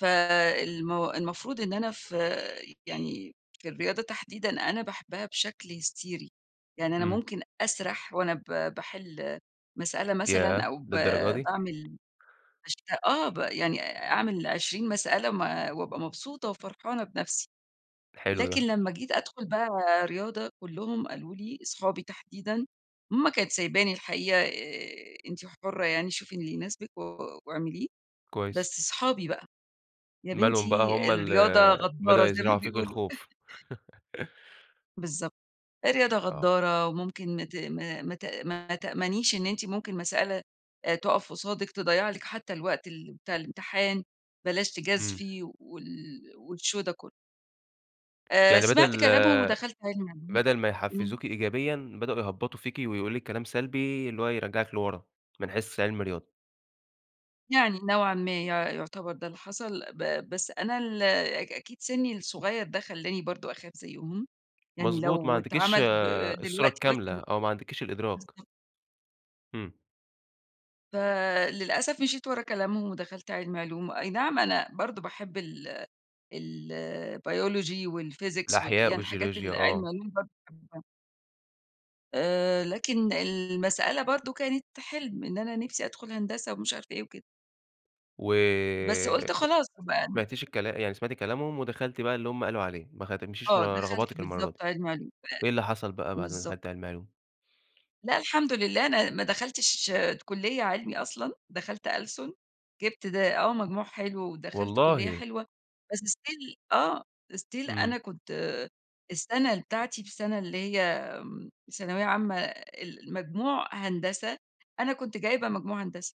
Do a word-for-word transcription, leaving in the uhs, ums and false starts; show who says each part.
Speaker 1: فالم المفروض إن أنا في يعني في الرياضة تحديدًا أنا باحبّها بشكل هستيري، يعني أنا
Speaker 2: إمم.
Speaker 1: ممكن أسرح وأنا ب باحل مسألة مثلًا
Speaker 2: يا
Speaker 1: أو ب
Speaker 2: ده للدرجة دي!
Speaker 1: باعمل بشت آه ب يعني أعمل عشرين مسألة م وأبقى مبسوطة وفرحانة بنَفسي.
Speaker 2: حلو
Speaker 1: لكن
Speaker 2: ده.
Speaker 1: لمّا جيت أدخل بقى رياضة، كلّهم قالوا لي- أصحابي تحديدًا- ماما كانت سايباني الحقيقة، آآ، "أنتِ حرّة يعني شوفي اللي يناسبِك و واعمليه."
Speaker 2: كويس.
Speaker 1: بس صحابي بقى: "يا
Speaker 2: مالهم بقى
Speaker 1: بنتي
Speaker 2: هُم ال
Speaker 1: الرياضة
Speaker 2: بدأوا
Speaker 1: غدارة، زي
Speaker 2: يزرعوا
Speaker 1: ما
Speaker 2: فيكِ
Speaker 1: بيقولوا".
Speaker 2: الخوف.
Speaker 1: بالضبط، الرياضة
Speaker 2: آه.
Speaker 1: غدارّة وممكن ت ما ما ت ما تأمنيش إن أنتِ ممكن مسألة آآ، تُقَف قصادِك، تضيّع لِك حتّى الوقت ال بتاع الامتحان، بلاش
Speaker 2: إمم.
Speaker 1: تجازفي وال والshow ده كلّه. آآ،
Speaker 2: يعني
Speaker 1: سمعت
Speaker 2: بدل
Speaker 1: كلامهم ودخلت عِلمي علوم
Speaker 2: بدل ما يحفزوكِ
Speaker 1: إمم.
Speaker 2: إيجابيًا، بدأوا يهبّطوا فيكِ ويقولوا لِك كلام سلبي اللي هو يرجّعِك لورّا من حيث عِلمي رياضة.
Speaker 1: يعني نوعًا ما يُع يُعتبر ده اللي حصل ب بس أنا ال أ أكيد سِني الصغيّر ده خلّاني برضه أخاف زيهم، يعني
Speaker 2: مضبوط، ما
Speaker 1: لو
Speaker 2: عندكيش
Speaker 1: اتعمل ب
Speaker 2: الصورة
Speaker 1: دلوقتي
Speaker 2: الكاملة، أو ما عندكيش
Speaker 1: [unintelligible]
Speaker 2: الإدراك.
Speaker 1: بالضبط.
Speaker 2: إمم.
Speaker 1: فللأسف مشيت ورّا كلامهم ودخلت علمي علوم، أي نعم أنا برضه باحب ال الbiology والphysics و
Speaker 2: الأحياء
Speaker 1: يعني الحاجات
Speaker 2: والجيولوجيا،
Speaker 1: اللي
Speaker 2: آه.
Speaker 1: علمي علوم برضه باحبها. آآ، لكن المسألة برضه كانت حلْم إن أنا نِفْسي أدخل هندسة ومش عارفة إيه وكده. بس
Speaker 2: وما
Speaker 1: قُلت خلاص هابقى
Speaker 2: سمعتيش الكلا يعني سمعتي كلامهم ودخلتي بقى اللي هُم قالوا عليه، ما خ ما تمشيش
Speaker 1: آه،
Speaker 2: ورّا
Speaker 1: دخلت
Speaker 2: رغباتِك المرّة دي.
Speaker 1: بالضبط علمي علوم،
Speaker 2: إيه اللي حصل بقى
Speaker 1: ب
Speaker 2: بعد ما
Speaker 1: بالضبط.
Speaker 2: دخلتِ علمي علوم؟
Speaker 1: لأ الحمد لله، أنا ما دخلتش ت كلية علمي أصلًا، دخلت ألسُن، جِبت ده آه، مجموع حلو ودخلت كلية
Speaker 2: والله!
Speaker 1: حلوة، بس still آه، still
Speaker 2: إمم.
Speaker 1: أنا كنت السنة بتاعتي في السنة اللي هي آمم، ثانوية عامة ال المجموع هندسة، أنا كنت جايبة مجموع هندسة.